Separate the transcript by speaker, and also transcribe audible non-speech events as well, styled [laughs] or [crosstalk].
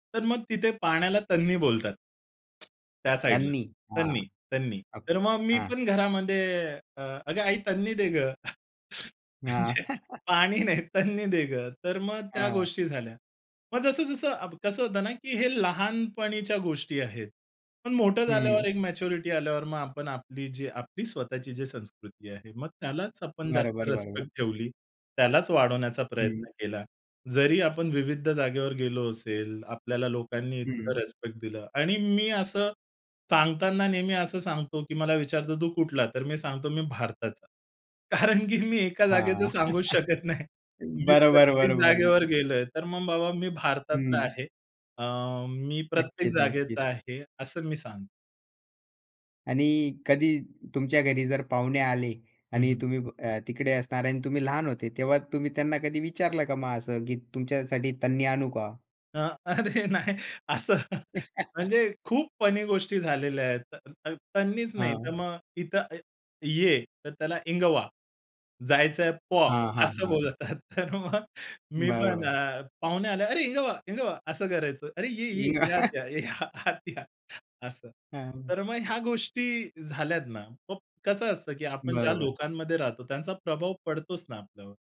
Speaker 1: तर मग तिथे पाण्याला तन्नी बोलतात. त्या साइडला.
Speaker 2: तन्नी. हां,
Speaker 1: तन्नी, तन्नी.
Speaker 2: आप
Speaker 1: तर मग मी
Speaker 2: हां.
Speaker 1: पण घरामध्ये अ, "अगं आई, तन्नी दे गं." [chuckles]
Speaker 2: हां.
Speaker 1: अच्छा,
Speaker 2: [chuckles]
Speaker 1: "पाणी नाही तन्नी दे गं." तर मग त्या
Speaker 2: हां.
Speaker 1: गोष्टी झाल्या. मग जसं-जसं अब कसं होतं ना? की हे लहानपणीच्या गोष्टी आहेत. पण मोठं
Speaker 2: हं.
Speaker 1: झाल्यावर एक मॅच्युरिटी आल्यावर मग, आपण आपली, जी आपली स्वतःची जी संस्कृती आहे. मग त्यालाच आपण जास्त
Speaker 2: बरोबर,
Speaker 1: रिस्पेक्ट
Speaker 2: बरोबर.
Speaker 1: ठेवली. त्यालाच वाढवण्याचा
Speaker 2: हं.
Speaker 1: प्रयत्न केला, जरी आपण विविध जागेवर गेलो असेल, आपल्याला लोकांनी इतकं
Speaker 2: हं.
Speaker 1: रिस्पेक्ट दिलं. आणि मी असं सांगताना नेहमी असं सांगतो, की मला विचारतो, "तू कुठला?" तर मी सांगतो, "मी भारताचा." कारण की मी एका
Speaker 2: हां.
Speaker 1: जागेचं सांगूच शकत नाही.
Speaker 2: [chuckles]
Speaker 1: मी
Speaker 2: बरोबर,
Speaker 1: प्रत्येक जागेवर
Speaker 2: बरोबर.
Speaker 1: गेलोय, तर मग बाबा, "मी भारतातला
Speaker 2: हं.
Speaker 1: आहे. अ, मी प्रत्येक
Speaker 2: नक्कीच, नक्कीच.
Speaker 1: जागेचा आहे." असं मी सांगतो.
Speaker 2: आणि कधी तुमच्या घरी जर पाहुणे आले
Speaker 1: हं,
Speaker 2: आणि
Speaker 1: हं.
Speaker 2: तुम्ही अ, तिकडे असणार. आणि तुम्ही लहान होते. तेव्हा तुम्ही त्यांना कधी विचारलं का मग असं, की तुमच्यासाठी तन्नी आणू का?
Speaker 1: हां. अरे, नाही. असं, [laughs] म्हणजे
Speaker 2: [chuckles]
Speaker 1: खूप फनी गोष्टी झालेल्या आहेत. त त तन्नीच नाही, तर
Speaker 2: हां.
Speaker 1: मग इथं अ, ये, तर त्याला इंगवा, जायचंय पॉ
Speaker 2: हां, हां,
Speaker 1: असं
Speaker 2: हां.
Speaker 1: बोलतात. तर मग मी पण
Speaker 2: बरोबर.
Speaker 1: अ, पाहुणे आले, "अरे, इंगवा, इंगवा." असं करायचो, "अरे, ये, ये, या. आत या,
Speaker 2: [laughs]
Speaker 1: या, आत या." असं.
Speaker 2: हां.
Speaker 1: तर मग ह्या गोष्टी झाल्यात ना. मग कसं असतं, की आपण ज्या
Speaker 2: बरोबर.
Speaker 1: लोकांमध्ये राहतो त्यांचा प्रभाव पडतोच ना आपल्यावर.